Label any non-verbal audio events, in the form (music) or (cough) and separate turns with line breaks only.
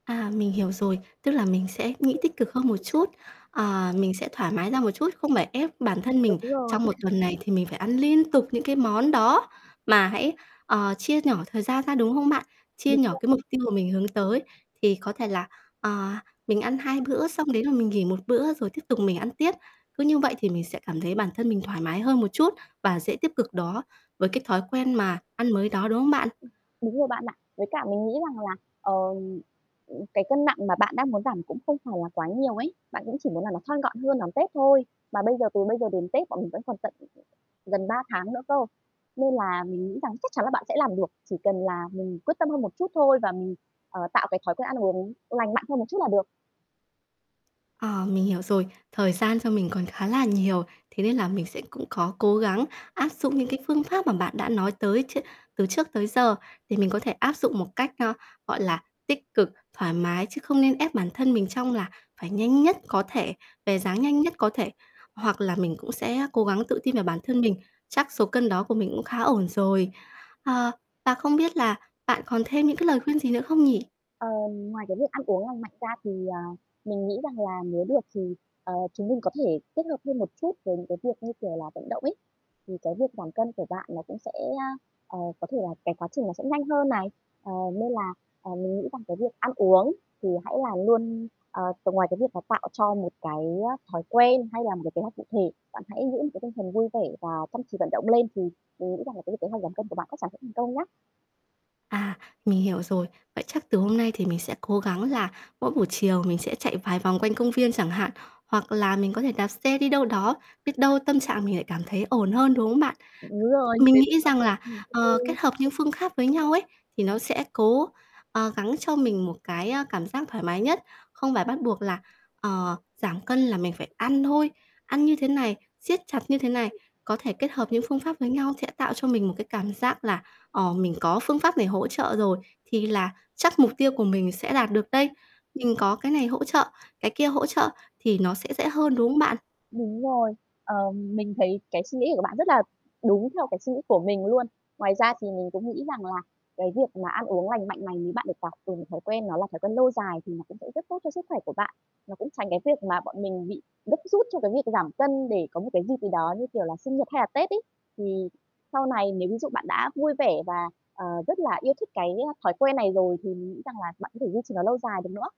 À, mình hiểu rồi. Tức là mình sẽ nghĩ tích cực hơn một chút, ờ, mình sẽ thoải mái ra một chút, không phải ép bản thân mình
Đúng rồi.
trong một
(chuckles)
tuần này thì mình phải ăn liên tục những cái món đó mà hãy, ờ, chia nhỏ thời gian ra, đúng không bạn? Chia
Đúng
nhỏ
rồi.
cái mục tiêu mà mình hướng tới, thì có thể là, ờ, mình ăn 2 bữa, xong đấy là mình nghỉ 1 bữa, rồi tiếp tục mình ăn tiếp. Cứ như vậy thì mình sẽ cảm thấy bản thân mình thoải mái hơn một chút và dễ tiếp cực đó với cái thói quen mà ăn mới đó, đúng không bạn?
Ừm, đúng rồi bạn ạ. Với cả mình nghĩ rằng là, ờm, ừm, cái cân nặng mà bạn đang muốn giảm cũng không phải là quá nhiều ấy. Bạn cũng chỉ muốn là nó thon gọn hơn đón Tết thôi. Mà bây giờ từ bây giờ đến Tết bọn mình vẫn còn tận, ừm, ừm, gần 3 tháng nữa cơ. Nên là mình nghĩ rằng chắc chắn là bạn sẽ làm được, chỉ cần là mình quyết tâm hơn một chút thôi và mình, ờ, tạo cái thói quen ăn uống lành mạnh hơn một chút là được.
Ờ, mình hiểu rồi. Thời gian cho mình còn khá là nhiều, thế nên là mình sẽ cũng có cố gắng áp dụng những cái phương pháp mà bạn đã nói tới tr từ trước tới giờ, thì mình có thể áp dụng một cách, ơ, gọi là, tích cực, thoải mái, chứ không nên ép bản thân mình trong là phải nhanh nhất có thể, về dáng nhanh nhất có thể, hoặc là mình cũng sẽ, á, cố gắng tự tin vào bản thân mình. Chắc số cân đó của mình cũng khá ổn rồi. Ờ, và không biết là bạn còn thêm những cái lời khuyên gì nữa không nhỉ?
Ờm, ngoài cái việc ăn uống lành mạnh ra thì, ờ, mình nghĩ rằng là nếu được thì, ờ, chúng mình có thể kết hợp thêm một chút với những cái việc như kiểu là vận động ấy, thì cái việc giảm cân của bạn nó cũng sẽ, à, ờ, có thể là cái quá trình nó sẽ nhanh hơn này. Ờ, nên là, ờ, mình nghĩ rằng cái việc ăn uống thì hãy là luôn, ờ, ngoài cái việc là tạo cho một cái, á, thói quen hay là một cái kế hoạch cụ thể, bạn hãy giữ một cái tinh thần vui vẻ và chăm chỉ vận động lên. Thì mình nghĩ rằng là cái việc kế hoạch giảm cân của bạn chắc chắn sẽ thành công nhá.
À, mình hiểu rồi. Vậy chắc từ hôm nay thì mình sẽ cố gắng là mỗi buổi chiều mình sẽ chạy vài vòng quanh công viên chẳng hạn, hoặc là mình có thể đạp xe đi đâu đó, biết đâu tâm trạng mình lại cảm thấy ổn hơn, đúng không bạn?
Đúng rồi,
Mình
thế
nghĩ
thì
rằng là,
(unintelligible)
ờ,
ừm. Đúng
kết
rồi ấy.
hợp những phương kháp với nhau ấy, thì nó sẽ cố, ờ, gắng cho mình một cái, á, cảm giác thoải mái nhất. Không phải bắt buộc là, ờ, giảm cân là mình phải ăn thôi, ăn như thế này, siết chặt như thế này. Có thể kết hợp những phương pháp với nhau sẽ tạo cho mình một cái cảm giác là, ờ, mình có phương pháp này hỗ trợ rồi, thì là chắc mục tiêu của mình sẽ đạt được đây. Mình có cái này hỗ trợ, cái kia hỗ trợ thì nó sẽ dễ hơn, đúng không bạn?
Đúng rồi. Ờ, mình thấy cái suy nghĩ này của bạn rất là đúng theo cái suy nghĩ của mình luôn. Ngoài ra thì mình cũng nghĩ rằng là cái việc mà ăn uống lành mạnh này bạn được học từ những thói quen nó là thói quen lâu dài, thì nó cũng sẽ rất tốt cho sức khỏe của bạn. Nó cũng tránh cái việc mà bọn mình bị gấp rút cho cái việc giảm cân để có một cái dịp gì đó, như kiểu là, sinh nhật hay là Tết ấy. Thì sau này nếu ví dụ bạn đã vui vẻ và, ờ, rất là yêu thích cái, a, thói quen này rồi, thì mình nghĩ rằng là bạn có thể duy trì nó lâu dài được nữa.